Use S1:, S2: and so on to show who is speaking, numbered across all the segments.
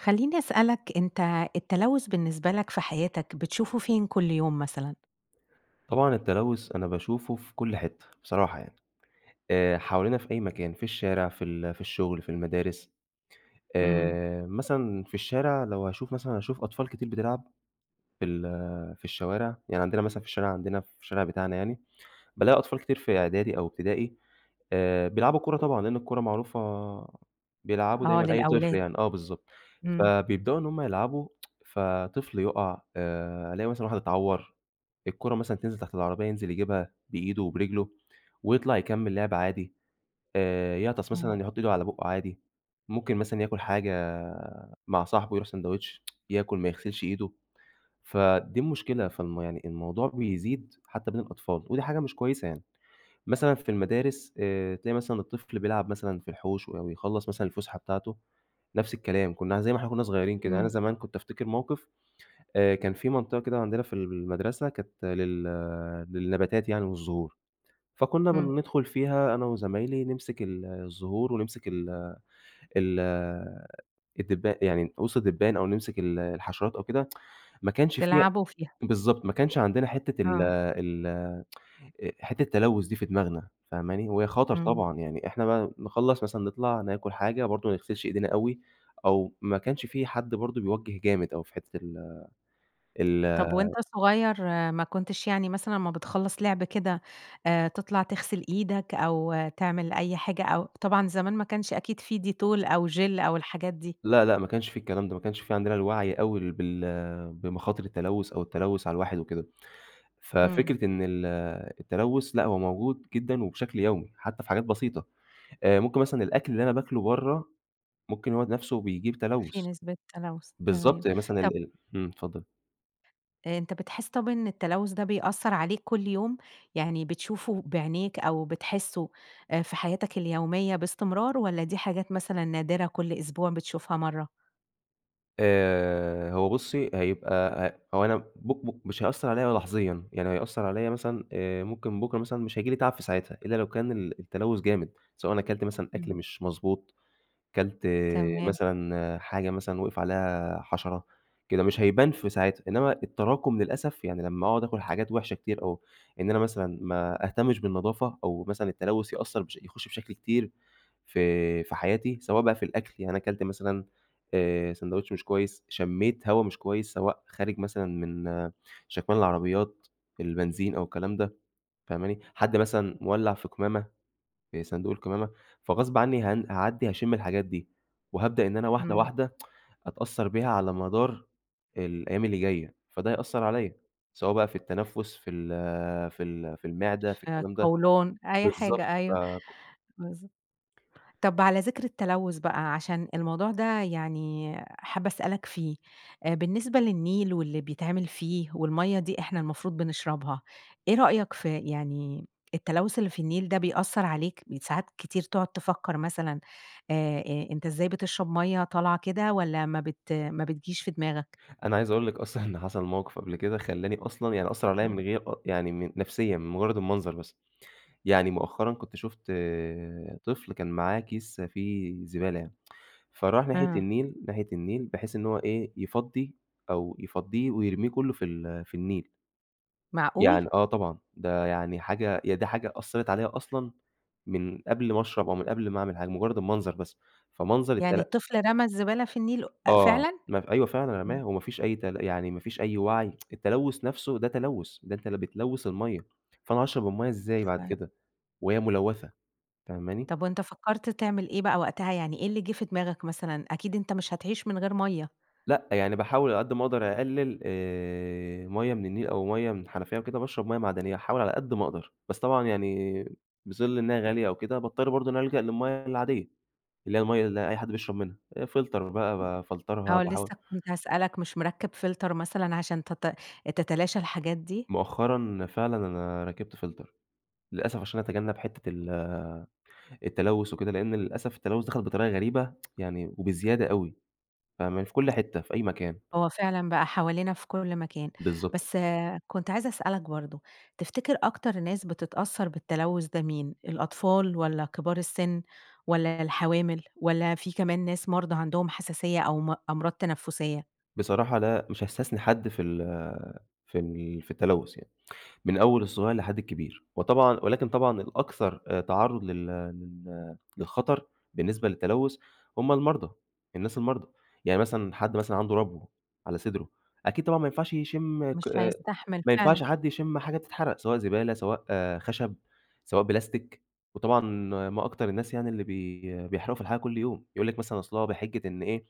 S1: خلّيني أسألك، أنت التلوّث بالنسبة لك في حياتك بتشوفه فين كلّ يوم مثلًا؟
S2: طبعًا التلوّث أنا باشوفه في كلّ حِتّة بصراحة يعني آآ، حوالينا في أي مكان، في الشارع، في ال في الشغل، في المدارس
S1: إمم.
S2: آآ، مثلًا في الشارع لو هاشوف مثلًا، هاشوف أطفال كتير بتلعب في ال في الشوارع، يعني عندنا مثلًا في الشارع، عندنا في الشارع بتاعنا يعني بالاقي أطفال كتير في إعدادي أو إبتدائي آآ بيلعبوا كورة طبعًا، لأن الكورة معروفة، بيلعبوا
S1: آه،
S2: دايمًا أي طفل
S1: للأولاد.
S2: يعني، آه بالضبط،
S1: إمم.
S2: فبيبدؤوا إن هُم يلعبوا، فطفل يُقَع آآ، ألاقي مثلًا واحد إتعوّر، الكورة مثلًا تنزِل تحت العربية ينزِل يجيبها بإيده وبرِجله ويطلَع يكمّل لِعب عادي آآ، يعطس
S1: إمم.
S2: مثلًا يحُط إيده على بُقُّه عادي، ممكن مثلًا ياكل حاجة مع صاحبه، يرُوح سندوتش ياكل ما يغسِلش إيده، فدي المشكلة، فالم يعني الموضوع بيزيد حتى بين الأطفال، ودي حاجة مش كويسة يعني، مثلًا في المدارس آآ تلاقي مثلًا الطفل بيلعب مثلًا في الحوش أو يخلّص مثلًا الفُسحة بتاعته نفس الكلام، كنّا زي ما إحنا كنّا صغيّرين كده، يعني أنا
S1: إمم.
S2: زمان كنت أفتكر موقِف آآ، كان فيه منطقة كده عندنا في المدرسة كانت لل للنباتات يعني والزهور، فكُنّا
S1: إمم.
S2: بندخُل فيها أنا وزمايلي نمسِك ال الزهور ونمسِك ال ال الدبان يعني [unintelligible] الدبان أو نمسِك ال الحشرات أو كده، ما كانش في
S1: تلعبوا فيها.
S2: بالضبط، ما كانش عندنا حِتّة ال
S1: آه.
S2: ال آآ حِتّة التلوّث دي في دماغنا فاهماني، وهي خطَر
S1: إمم.
S2: طبعًا، يعني إحنا بقى نخلّص مثلًا نطلَع ناكل حاجة برضه ما نغسِلش إيدينا أوي أو ما كانش فيه حد برضه بيوجّه جامد أوي في حِتّة ال ال
S1: طَب وأنت صغيّر ما كنتش يعني مثلًا أمّا بتخلّص لعب كده آآ، تطلَع تغسِل إيدك أو تعمل أي حاجة أو طبعًا زمان ما كانش أكيد فيه Dettol أو Gel أو الحاجات دي.
S2: لأ، لأ، ما كانش فيه الكلام ده، ما كانش فيه عندنا الوعي أوي بال بمخاطر التلوّث أو التلوّث على الواحد وكده،
S1: إمم.
S2: ففكرة إن ال التلوّث، لأ هو موجود جدًا وبشكل يومي حتى في حاجات بسيطة آآ، ممكن مثلًا الأكْل اللي أنا باكْله برّه، ممكن هو نَفسه بيجيب
S1: في
S2: تلوّث
S1: نسبة تلوّث، تمام،
S2: بالضبط، يعني مثلًا
S1: طَب
S2: ال ال امم اتفضّل.
S1: آآ أنت بتحس طَب إن التلوث ده بيأثّر عليك كل يوم، يعني بتشوفه بعينيك أو بتحسّه آآ في حياتك اليومية باستمرار، والّا دي حاجات مثلًا نادرة كل أسبوع بتشوفها مَرّة؟
S2: آآ هو بُصّي هيبقى ه هو أنا بُ بُ مش هيأثّر عليّا لحظيًا، يعني هيأثّر عليّا مثلًا آآ ممكن بكرة مثلًا مش هييجي لي تعب في ساعتها، إلّا لو كان ال التلوث جامد سواء أنا كلت مثلًا أكل
S1: إمم.
S2: مش مضبوط، كلت
S1: تمام.
S2: مثلًا حاجة مثلًا وقِف عليها حشرة، كده، مش هيبان في ساعتها. إنّما التراكم للأسف يعني لمّا أقعد أكل حاجات وحشة كتير، أو إن أنا مثلًا ما أهتمش بالنضافة أو مثلًا التلوث يأثّر بش يخش بشكل كتير في في حياتي سواء بقى في الأكل يعني أنا كلت مثلًا آآ سندوتش مش كويس، شمّيت هوا مش كويس سواء خارج مثلًا من شَكمان العربيات، البنزين أو الكلام ده، فاهماني؟ حد مثلًا مولّع في قمامة، في صندوق القمامة. فغصب عنّي هن هاعدّي هاشمّ الحاجات دي، وهابدأ إن أنا واحدة،
S1: إمم.
S2: واحدة أتأثّر بيها على مدار الأيّام اللي جاية، فده هيأثّر عليّا، سواء بقى في التنفس في ال في ال في المعدة، في
S1: في
S2: الكلام ده
S1: القولون، أي
S2: بالضبط
S1: حاجة أيوه،
S2: فك
S1: بالض طَب على ذِكر التلوث بقى، عشان الموضوع ده يعني حابّة اسألك فيه، آآ بالنسبة للنيل واللي بيتعمل فيه، والمَيّة دي إحنا المفروض بنشربها. إيه رأيك ف يعني التلوث اللي في النيل ده بيأثّر عليك؟ بيت ساعات كتير تقعُد تفكّر مثلًا آآ آآ أنت إزاي بتشرب مَيّة طالعة كده، والّا ما بت ما بتجيش في دماغك؟
S2: أنا عايز أقول لِك أصلًا إن حصل موقِف قبل كده، خلّاني أصلًا يعني أثّر عليّا
S1: امم.
S2: من غير أ يعني من نفسيًا، من مجرّد المنظر. بس يعني مؤخرًا كنت شُفت طفل كان معاه كيس فيه زبالة يعني فراح ناحية
S1: آه.
S2: النيل، ناحية النيل، بحيث إن هو إيه، يفضّي أو يفضّيه ويرميه كلّه في ال في النيل.
S1: معقول؟!
S2: يعني آه طبعًا ده يعني حاجة هي ده حاجة أثّرت عليّا أصلًا، من قبل ما أشرب أو من قبل ما أعمل حاجة. مجرّد المنظر بس فمنظر
S1: يعني
S2: التل
S1: الطفل رَمى الزبالة في النيل أ
S2: آه
S1: فعلًا؟!
S2: ما ف أيوه فعلًا
S1: إمم.
S2: رماه، وما فيش أي تل يعني ما فيش أي وعي التلوث نَفْسه ده تلوث، ده أنتِ ل بتلوث المَيّه، فأنا هاشرب المَيّه إزاي بعد
S1: فع
S2: كده؟ وهي ملوّثة، فاهماني؟
S1: طَب وأنت فكّرت تعمل إيه بقى وقتها، يعني إيه اللي جِه في دماغك مثلًا؟ أكيد أنت مش هتعيش من غير مَيّة.
S2: لأ، يعني باحاول على قد ما أقدر أقلل آآ مَيّه من النيل أو مَيّه من الحنفية وكده، وباشرب مَيّه معدنيّة، أحاول على قد ما أقدر. بس طبعًا يعني بظِل إنها غالية أو كده باضطر برضه إن أنا ألجأ للمَيّه العادية، اللي هي المَيّه اللي أي حد بيشرب منها آآ Filter بقى بافلترها
S1: آه
S2: باحاول
S1: لسه كنت هاسألك، مش مركّب Filter مثلًا عشان تت تتلاشى الحاجات دي؟
S2: مؤخرًا، فعلًا أنا ركّبت Filter للأسف عشان اتجنب حِتّة ال التلوث وكده لإن للأسف التلوث دخل بطريقة غريبة يعني وبزيادة أوي، فاهماني؟ في كل حِتّة، في أي مكان.
S1: هو فعلًا بقى حوالينا في كل مكان،
S2: بالضبط.
S1: بس كنت عايزة اسألك برضه، تفتكر أكتر ناس بتتأثّر بالتلوث ده مين؟ الأطفال، والّا كبار السِن، والّا الحوامل، والّا في كمان ناس مرضى عندهم حساسية أو م أمراض تنَفُّسية؟
S2: بصراحة لأ، مش هاستثنى حد في ال في ال في التلوث يعني، من أول الصغير لحد الكبير، وطبعًا ولكن طبعًا الأكتر آآ تعرض لل لل للخطر، بالنسبة للتلوث، هُم المرضى، الناس المرضى، يعني مثلًا، حد مثلًا عنده ربو على صدره، أكيد، طبعًا ما ينفعش يشم ك
S1: مش هيستحمل
S2: ما ينفعش
S1: فعلًا.
S2: حد يشم حاجة بتتحرق، سواء زبالة، سواء خشب، سواء بلاستيك، وطبعًا ما أكتر الناس يعني اللي بي بيحرقوا في الحاجة كل يوم، يقُول لِك مثلًا أصل هو بحجة إن إيه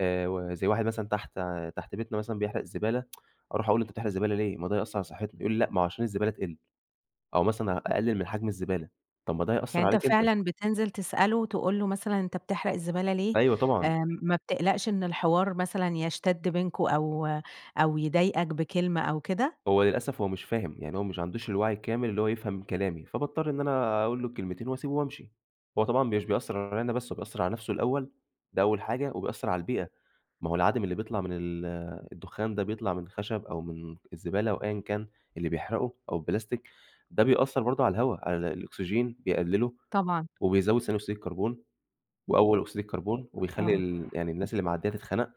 S2: آآ وزَي واحد مثلًا تحت تحت بيتنا مثلًا بيحرق الزبالة أروح أقُول له: "أنت بتحرق زبالة ليه؟ ما ده هيأثر على صحتنا." يقُول لي: "لأ، ما هو عشان الزبالة تقِل، أو مثلًا أقلِّل من حجم الزبالة." طَب ما ده
S1: يعني
S2: هيأثر
S1: أنت
S2: عليك أنت.
S1: فعلًا بتنزل تسأله، تقُول له مثلًا "أنت بتحرق الزبالة ليه؟"
S2: أيوه، طبعًا.
S1: آآ ما بتقلقش إن الحوار مثلًا يشتد بينكم أو أو يضايقك بكلمة أو كده؟
S2: هو للأسف، هو مش فاهم يعني هو مش عندوش الوعي الكامل اللي هو يفهم كلامي، فباضطر إن أنا أقُول له الكلمتين، وأسيبه وأمشي، هو طبعًا مش بيأثر عليّا أنا بس، هو بيأثر على نفسه الأول، ده أول حاجة، وبيأثر على البيئة، ما هو العادم اللي بيطلع من ال الدخّان ده، بيطلع من الخشب أو من الزبالة أو أيًا كان، اللي بيحرقه أو البلاستيك، ده بيأثر برضه على الهوا على الأكسجين بيقلِّله،
S1: طبعًا.
S2: وبيزود ثاني أكسيد الكربون، وأول أكسيد الكربون وبيخلّي
S1: آه.
S2: ال يعني الناس اللي معديّة تتخنق،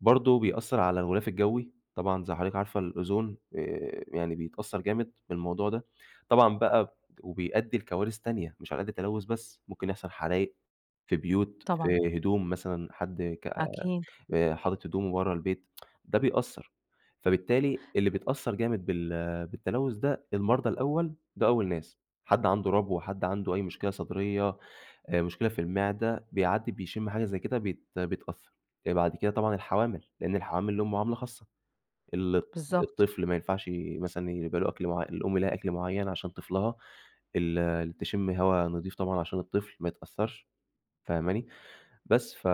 S2: برضه بيأثر على الغلاف الجوي، طبعًا زَي حضرتِك عارفة الأُوزون آآ يعني بيتأثر جامد بالموضوع ده، طبعًا بقى وبيأدي لكوارث تانية مش على قَد التلوث بس، ممكن يحصل حرايق، في بيوت،
S1: طبعًا.
S2: في هدوم مثلًا، حد ك
S1: أكيد.
S2: آآ حاطط هدومه ورّا البيت ده بيأثر، فبالتالي اللي بيتأثر جامد بال بالتلوث ده المرضى الأول، ده أول ناس، حد عنده ربو، حد عنده أي مشكلة صدرية، آآ مشكلة في المعدة، بيعدي بيشم حاجة زي كده بيت بيتأثر، آآ بعد كده طبعًا الحوامل، لإن الحوامل ليهم معاملة خاصة، ال
S1: بالضبط.
S2: الطفل ما ينفعش مثلًا يبقى له أكل معيّ الأم لها أكل معيّن عشان طفلها، ال تشم هوا نضيف طبعًا عشان الطفل ما يتأثرش، فاهماني، بس ف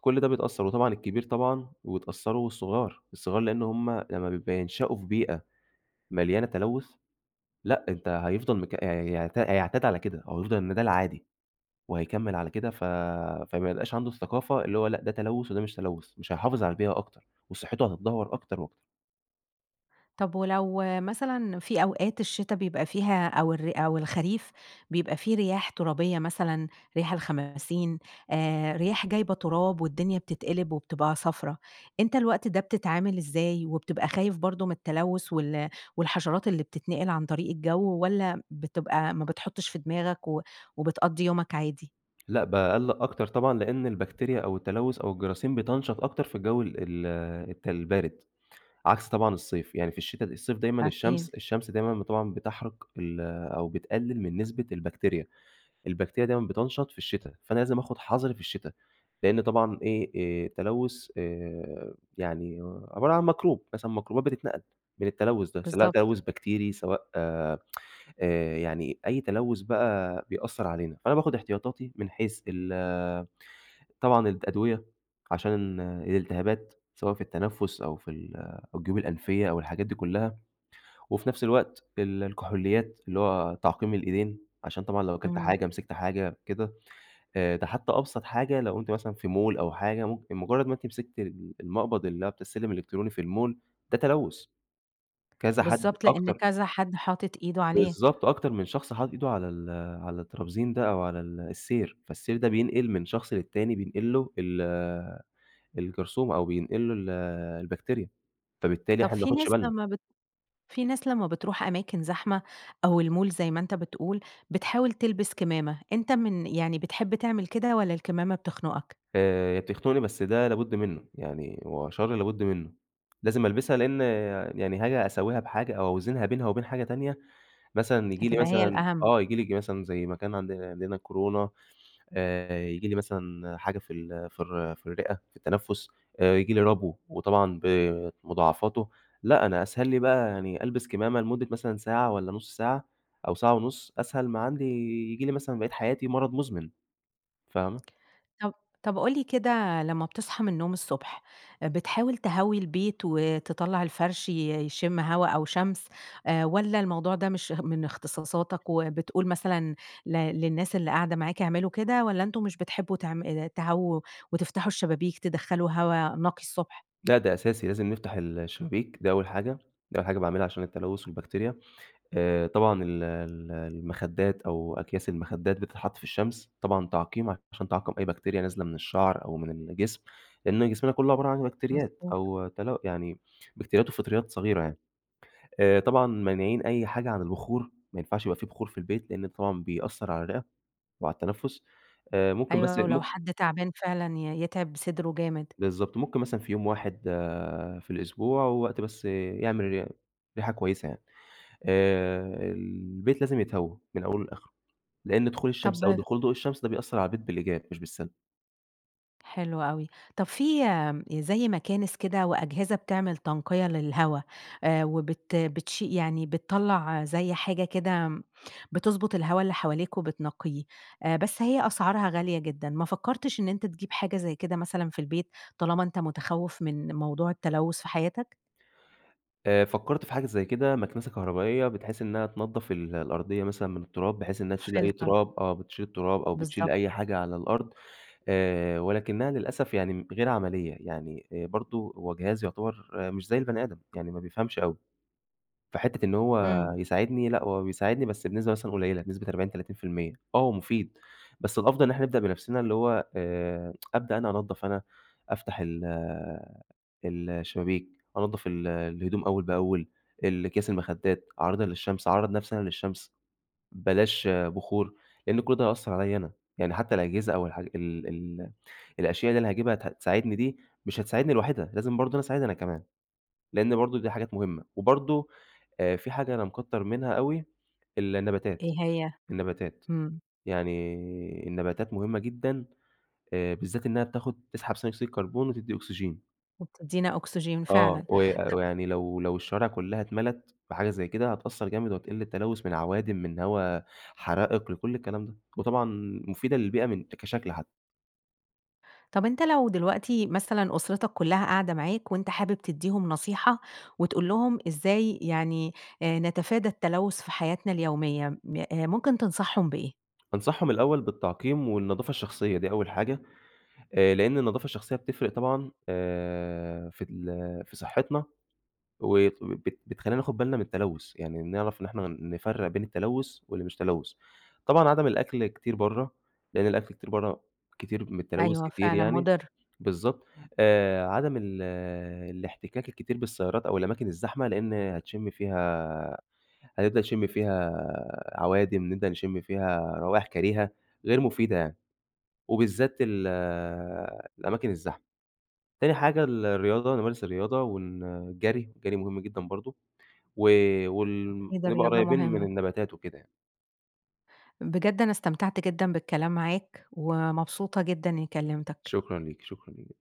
S2: كل ده بيتأثر، وطبعًا الكبير، طبعًا ويتأثروا والصغار، والصغار لإن هُم لمّا بيبقوا بينشأوا في بيئة، مليانة تلوث، لأ أنت هيفضل مك هيعت هيعتاد على كده هو هيفضل إن ده العادي، وهيكمل على كده ف فما يبقاش عنده الثقافة اللي هو لأ ده تلوث وده مش تلوث مش هيحافظ على البيئة أكتر، وصحته هتتدهور أكتر وأكتر.
S1: طب ولو مثلًا في أوقات الشتا بيبقى فيها أو الر أو الخريف بيبقى فيه رياح ترابية مثلًا رياح الخماسين آآ رياح جايبة تراب والدنيا بتتقلب وبتبقى صفرا، أنت الوقت ده بتتعامل ازاي؟ وبتبقى خايف برضو من التلوث وال والحشرات اللي بتتنقل عن طريق الجو، والّا بتبقى ما بتحطش في دماغك و وبتقضّي يومك عادي؟
S2: لأ باقلّق أكتر طبعًا لإن البكتيريا أو التلوث أو الجراثيم بتَنشط أكتر في الجو ال ال الت البارد، عكس طبعًا الصيف يعني في الشتا الصيف دايمًا الشمس
S1: أكيد.
S2: الشمس دايمًا ب طبعًا بتحرق ال أو بتقلل من نسبة البكتيريا، البكتيريا دايمًا بتَنشط في الشتا، فأنا لازم آخد حذري في الشتا، لإن طبعًا إيه آآ تلوث آآ يعني عبارة عن ميكروب مثلًا ميكروبات بتتنقل من التلوث ده سواء
S1: بالضبط.
S2: تلوث بكتيري سواء آآ يعني أي تلوث بقى بيأثر علينا، فأنا باخد احتياطاتي من حيث ال طبعًا الأدوية عشان الالتهابات سواء في التنفس أو في ال أو الجيوب الأنفية أو الحاجات دي كلها، وفي نفس الوقت ال الكحوليات اللي هو تعقيم الإيدين، عشان طبعًا لو أكلت
S1: إمم.
S2: حاجة مسكت حاجة كده، آآ ده حتى أبسط حاجة لو أنتِ مثلًا في mall أو حاجة ممكن مجرد ما أنتِ مسكت ال المقبض اللي هو بتاع السلم الإلكتروني في الmall، ده تلوث كذا حد
S1: بالضبط، لإن
S2: أكتر
S1: كذا حد حاطط إيده عليه.
S2: بالضبط أكتر من شخص حاطط إيده على ال على الترابيزين ده أو على ال السير، فالسير ده بينقل من شخص للتاني بينقل له ال الجرثومة أو بينقل له ال البكتيريا، فبالتالي
S1: طب
S2: إحنا
S1: في
S2: بناخدش
S1: ناس
S2: بالنا.
S1: لما بت فيه ناس لما بتروح أماكن زحمة أو الmall زي ما أنت بتقول بتحاول تلبس كمامة، أنت من يعني بتحب تعمل كده والّا الكمامة بتخنقك؟
S2: آآ بتخنقني بس ده لابد منه يعني هو شر لابد منه، لازم ألبسها لإن يعني حاجة أساويها بحاجة أو أوزنها بينها وبين حاجة تانية مثلًا ييجي لي
S1: هتبقى هي
S2: مثلًا
S1: الأهم.
S2: آه ييجي لي مثلًا زي ما كان عندنا عندنا كورونا آآ ييجي لي مثلًا حاجة في ال في الر في الرئة في التنفس آآ ييجي لي ربو وطبعًا بمضاعفاته لأ، أنا أسهل لي بقى يعني ألبس كمامة لمدة مثلًا ساعة والّا نص ساعة أو ساعة ونص أسهل ما عندي ييجي لي مثلًا بقيت حياتي مرض مزمن فاهمة؟
S1: طَب طَب قُل لي كده لما بتصحى من النوم الصبح، بتحاول تهوي البيت وتطلع الفرش ي يشم هوا أو شمس آآ والّا الموضوع ده مش من اختصاصاتك وبتقول مثلًا ل للناس اللي قاعدة معاك اعملوا كده، والّا أنتم مش بتحبوا تعم آآ تهووا وتفتحوا الشبابيك تدخّلوا هوا نقي الصبح؟
S2: لأ ده أساسي لازم نفتح ال الشبابيك ده أول حاجة ده أول حاجة باعملها عشان التلوث والبكتيريا، آآ طبعًا ال ال المخدات أو أكياس المخدات بتتحط في الشمس طبعًا تعقيم عشان تعقم أي بكتيريا نازلة من الشعر أو من الجسم، لإن جسمنا كله عبارة عن بكتريات
S1: مضبوط.
S2: أو تلو يعني بكتيريات وفطريات صغيرة يعني، آآ طبعًا مانعين أي حاجة عن البخور ما ينفعش يبقى فيه بخور في البيت، لإن ده طبعًا بيأثر على الرئة وعلى التنفس آآ ممكن بس
S1: أيوة ولو
S2: مم
S1: حد تعبان فعلًا ي يتعب صدره جامد.
S2: بالضبط ممكن مثلًا في يوم واحد في الأسبوع ووقت بس يعمل ري ريحة كويسة يعني، آآ البيت لازم يتهوى من أوله لآخره، لإن دخول
S1: طب
S2: الشمس أو دخول ضوء الشمس ده بيأثر على البيت بالإيجاب مش بالسلب.
S1: حلو أوي. طَب فيه، آمم، زي مكانس كده وأجهزة بتعمل تنقية للهوا، آآ، وبت بتشي يعني بتطلع زي حاجة كده بتضبط الهوا اللي حواليك وبتنقيه، آآ، بس هي أسعارها غالية جدًا، ما فكرتش إن أنت تجيب حاجة زي كده مثلًا في البيت طالما أنت متخوف من موضوع التلوث في حياتك؟
S2: آآ، فكرت في حاجة زي كده، مكنسة كهربائية، بت حيث إنها تنضف ال الأرضية مثلًا من التراب، بحيث إنها تشيل أي
S1: Filter.
S2: تراب، آه، بتشيل التراب، أو بتشيل
S1: بالضبط.
S2: أي حاجة على الأرض. آآ، ولكنها للأسف يعني غير عملية يعني آآ، برضو هو جهاز يعتبر مش زي البني آدم، يعني ما بيفهمش أوي. فحِتّة إن هو
S1: امم.
S2: يساعدني، لأ، هو بيساعدني، بس بنسبة مثلًا قليلة، بنسبة 40 30% آه هو مفيد، بس الأفضل إن إحنا نبدأ بنفسنا، اللي هو، آآ أبدأ أنا أنضف أنا، أفتح ال الشبابيك، أنضف ال الهدوم أول بأول، ال أكياس المخدات، أعرضها للشمس، أعرض نفسي أنا للشمس، بلاش بخور، لإن كل ده هيأثر عليّا أنا. يعني حتى الأجهزة أو الحا ال ال الأشياء اللي أنا هاجيبها هت هتساعدني دي، مش هتساعدني لوحدها، لازم برضو أنا أساعدها أنا كمان، لإن برضو دي حاجات مهمة. وبرضو، آآ، فيه حاجة أنا مكتر منها أوي، النباتات،
S1: إيه هي؟
S2: النباتات،
S1: امم.
S2: يعني، النباتات مهمة جدًا، آآ، بالذات إنها بتاخد تسحب ثاني أكسيد الكربون، وتدي أكسجين.
S1: وبتدينا أكسجين
S2: آه
S1: فعلًا.
S2: وي
S1: ط
S2: ويعني لو لو الشوارع كلها اتملت بحاجة زي كده، هتأثر جامد، وهتقل التلوث من عوادم، من هوا حرائق، لكل الكلام ده. وطبعًا مفيدة للبيئة، من كشكل حتى.
S1: طَب أنت لو دلوقتي مثلًا أسرتك كلها قاعدة معاك، وأنت حابب تدِّيهم نصيحة، وتقول لهم إزاي يعني، آآ، نتفادى التلوث في حياتنا اليومية، م آآ، ممكن تنصحهم بإيه؟
S2: أنصحهم الأول بالتعقيم، والنضافة الشخصية، دي أول حاجة. آآ، لإن النضافة الشخصية بتفرق طبعًا، آآ، في ال في صحتنا، و وبت بتخلينا ناخد بالنا من التلوث، يعني نعرف إن إحنا نفرق بين التلوث واللي مش تلوث. طبعًا عدم الأكل كتير برّا، لإن الأكل كتير برّا كتير من التلوث
S1: أيوه
S2: كتير
S1: فعلًا
S2: يعني.
S1: مضر.
S2: بالضبط. آآ، عدم ال الاحتكاك الكتير بالسيارات، أو الأماكن الزحمة، لإن هتشم فيها هتبدأ تشم فيها عوادم، نبدأ نشم فيها روايح كريهة غير مفيدة يعني. وبالذات ال الأماكن الزحمة. تاني حاجة الرياضة، نمارس الرياضة، ون الجري، الجري مهم جدًا برضو، و وال
S1: أكيد
S2: نبقى
S1: الرياضة
S2: قريبين من
S1: مهمة.
S2: النباتات وكده يعني.
S1: بجد أنا استمتعت جدًا بالكلام معاك، ومبسوطة جدًا إنى كلمتك.
S2: شكرًا ليكِ، شكرًا ل